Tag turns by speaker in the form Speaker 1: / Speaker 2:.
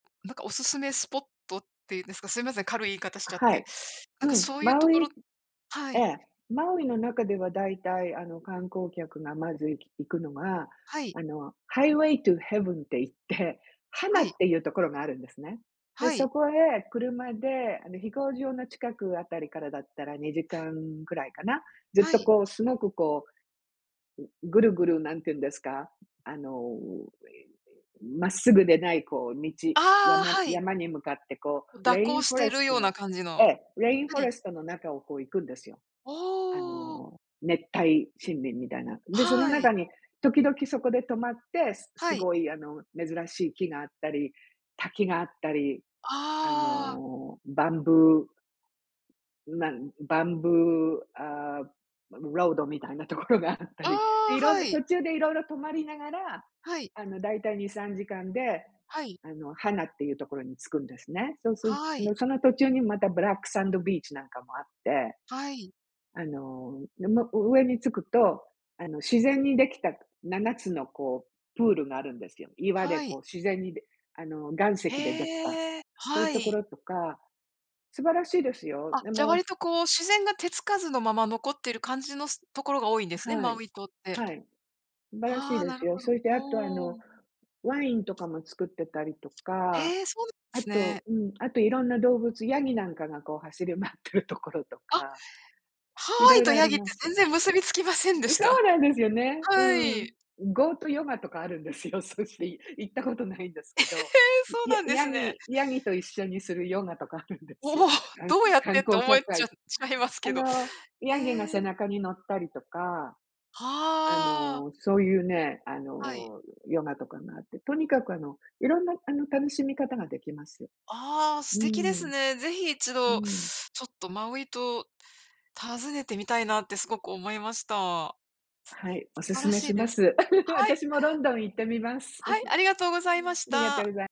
Speaker 1: なんか、おすすめスポットっていうんですか、すいません、軽い言い方し
Speaker 2: あ、
Speaker 1: ちゃっ
Speaker 2: は
Speaker 1: て。
Speaker 2: い。
Speaker 1: なん
Speaker 2: う
Speaker 1: か
Speaker 2: ん、
Speaker 1: そういう
Speaker 2: マ
Speaker 1: と
Speaker 2: ウ
Speaker 1: ころ
Speaker 2: イ
Speaker 1: は
Speaker 2: え
Speaker 1: い。
Speaker 2: え、マウイの中では大体あの、観光客がまずい行くのが、
Speaker 1: はい。
Speaker 2: あのハイウェイトゥーヘブンって言って、ハナ
Speaker 1: は
Speaker 2: っ
Speaker 1: い。
Speaker 2: ていうところがあるんですね。で、
Speaker 1: は
Speaker 2: そ
Speaker 1: い。
Speaker 2: こへ車で、あの飛行場の近くあたりからだったら、2時間ぐらいかな。ずっ
Speaker 1: は
Speaker 2: と
Speaker 1: い。
Speaker 2: こう、すごくこう、う、ぐるぐる、なんて言うんですか、あの、ええ、まっすぐでないこう道
Speaker 1: ああ、
Speaker 2: 山
Speaker 1: はい。
Speaker 2: 山に向かって、こ
Speaker 1: う、
Speaker 2: う
Speaker 1: 蛇
Speaker 2: レイ
Speaker 1: 行
Speaker 2: ン
Speaker 1: し
Speaker 2: フォ
Speaker 1: て
Speaker 2: レ
Speaker 1: る
Speaker 2: スト
Speaker 1: ような
Speaker 2: の、
Speaker 1: 感じ
Speaker 2: え
Speaker 1: の、
Speaker 2: え、レインフォ
Speaker 1: は
Speaker 2: レ
Speaker 1: い。
Speaker 2: ストの中を、こう行くんですよ。
Speaker 1: あ
Speaker 2: あ
Speaker 1: あ。
Speaker 2: の熱帯森林みたいな。んで、その
Speaker 1: はい。
Speaker 2: 中に、時々そこで止まって、す
Speaker 1: は
Speaker 2: す
Speaker 1: い。
Speaker 2: ごいあの、珍しい木があったり、滝があったり、あ
Speaker 1: ああ。
Speaker 2: の、バンブーなんバンブー、ああ、ロードみたいなところがあった
Speaker 1: ああ、
Speaker 2: り。で、いろん
Speaker 1: は
Speaker 2: な
Speaker 1: い。
Speaker 2: 途中で色々止まりながら、
Speaker 1: はい。
Speaker 2: あのだいたい2、3時間で
Speaker 1: はい。
Speaker 2: あの、ハナっていうところに着くんですね。そうする
Speaker 1: は
Speaker 2: あ
Speaker 1: い。
Speaker 2: のその途中に、またブラックサンドビーチなんかもあって。
Speaker 1: はい。
Speaker 2: あの、ね、も、う上に着くと、あの自然にできた7つのこうプールがあるんですよ。岩で
Speaker 1: はい。
Speaker 2: こう自然にであの岩石でできた。
Speaker 1: へえ、
Speaker 2: そうい
Speaker 1: は
Speaker 2: うとこ
Speaker 1: い。
Speaker 2: ろとか、素晴らしいですよ。
Speaker 1: あ、
Speaker 2: で
Speaker 1: じゃ
Speaker 2: も
Speaker 1: 割とこう、自然が手つかずのまま、残っている感じのすところが多いんですね、
Speaker 2: は
Speaker 1: マ
Speaker 2: い、
Speaker 1: ウイ島って。
Speaker 2: はい。素晴らしい
Speaker 1: ああ、
Speaker 2: で
Speaker 1: な
Speaker 2: す
Speaker 1: る
Speaker 2: よ。
Speaker 1: ほど。
Speaker 2: そしてあとあ
Speaker 1: お
Speaker 2: の、
Speaker 1: お。
Speaker 2: ワインとかも作ってたりとか、
Speaker 1: へえ、そうなん
Speaker 2: あ
Speaker 1: すね。
Speaker 2: と、うん、あと色んな動物、ヤギなんかがこう、走り回ってるところと
Speaker 1: あ。
Speaker 2: か、
Speaker 1: ハワ
Speaker 2: 色
Speaker 1: イと
Speaker 2: 々あ
Speaker 1: ヤ
Speaker 2: り
Speaker 1: ギって、
Speaker 2: ます。
Speaker 1: 全然結びつきませんで
Speaker 2: ん、
Speaker 1: し
Speaker 2: そう
Speaker 1: た。
Speaker 2: なんですよね。う
Speaker 1: は
Speaker 2: ん。
Speaker 1: い。
Speaker 2: ゴートヨガとかあるんですよ。そし行ったことないんです
Speaker 1: え、へ
Speaker 2: けど。
Speaker 1: え、そう
Speaker 2: ヤ
Speaker 1: なんで
Speaker 2: ヤ
Speaker 1: すね。
Speaker 2: ギヤギと一緒にするヨガとかあるんで
Speaker 1: お
Speaker 2: すよ。
Speaker 1: お、
Speaker 2: か ん
Speaker 1: どうやっ
Speaker 2: 観
Speaker 1: て、と
Speaker 2: 光
Speaker 1: 思え
Speaker 2: 客あ
Speaker 1: ち
Speaker 2: い
Speaker 1: ゃちゃいます
Speaker 2: あ
Speaker 1: けど。
Speaker 2: のヤギの
Speaker 1: え
Speaker 2: 背
Speaker 1: え。
Speaker 2: 中に乗ったりとか、あ
Speaker 1: はあ。
Speaker 2: のそういうね、あ
Speaker 1: はい。
Speaker 2: のヨガとかがあって。とにかくあの、色んなあの楽しみ方ができます。
Speaker 1: ああ、
Speaker 2: う
Speaker 1: 素敵です
Speaker 2: ん。
Speaker 1: ね。ぜひ一
Speaker 2: う
Speaker 1: 度、
Speaker 2: ん。
Speaker 1: ちょっとマウイ島、訪ねてみたいなってすごく思いました。
Speaker 2: はい、お
Speaker 1: 素晴
Speaker 2: 勧
Speaker 1: ら
Speaker 2: め
Speaker 1: し
Speaker 2: し
Speaker 1: い
Speaker 2: ま
Speaker 1: です。
Speaker 2: す。
Speaker 1: はい。
Speaker 2: 私もロンドン行ってみます。
Speaker 1: はい、ありがとうございま
Speaker 2: あ
Speaker 1: し
Speaker 2: りがとうござ
Speaker 1: た。
Speaker 2: い